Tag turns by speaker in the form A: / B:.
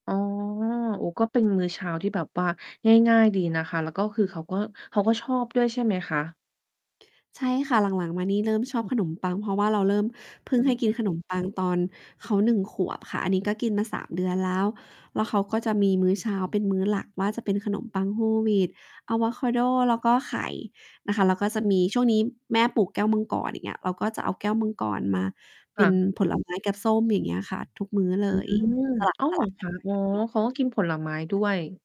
A: อ๋อ โอ้ ก็เป็นมื้อเช้าที่แบบว่าง่าย ๆ ดีนะคะ แล้วก็คือเขาก็ เขาก็ชอบด้วยใช่ไหมคะ?
B: ใช่ค่ะ หลัง ๆ มานี่เริ่มชอบขนมปัง เพราะว่าเราเริ่ม เ
A: อ
B: พิ่ง
A: ื
B: ให้กินข
A: ม
B: นมปังตอนเขา 1 ขวบค่ะ อันนี้ก็กินมา 3 เดือนแล้ว แล้วเขาก็จะมีมื้อเช้าเป็นมื้อหลักว่า จะเป็นขนมปัง Whole wheat อาโวคาโด แล้วก็ไข่นะคะ แล้วก็จะมี ช่วงนี้แม่ปลูกแก้วมังกร อย่างเงี้ย เราก็จะเอาแก้วมังกรมาเ
A: ค
B: ป็
A: ่
B: น
A: ะ
B: ผลไม้ กับส้ม อย่างเงี้ยค่ะ ทุกมื้อเ
A: อ
B: ล
A: ื
B: ย
A: ม
B: ส
A: อ้าว เหร
B: ลั
A: อ
B: บ ๆ ก
A: ค
B: ัน
A: ะ?
B: ไป
A: อ๋อ
B: กับผัก
A: เขาก็กินผลไม้ด้วย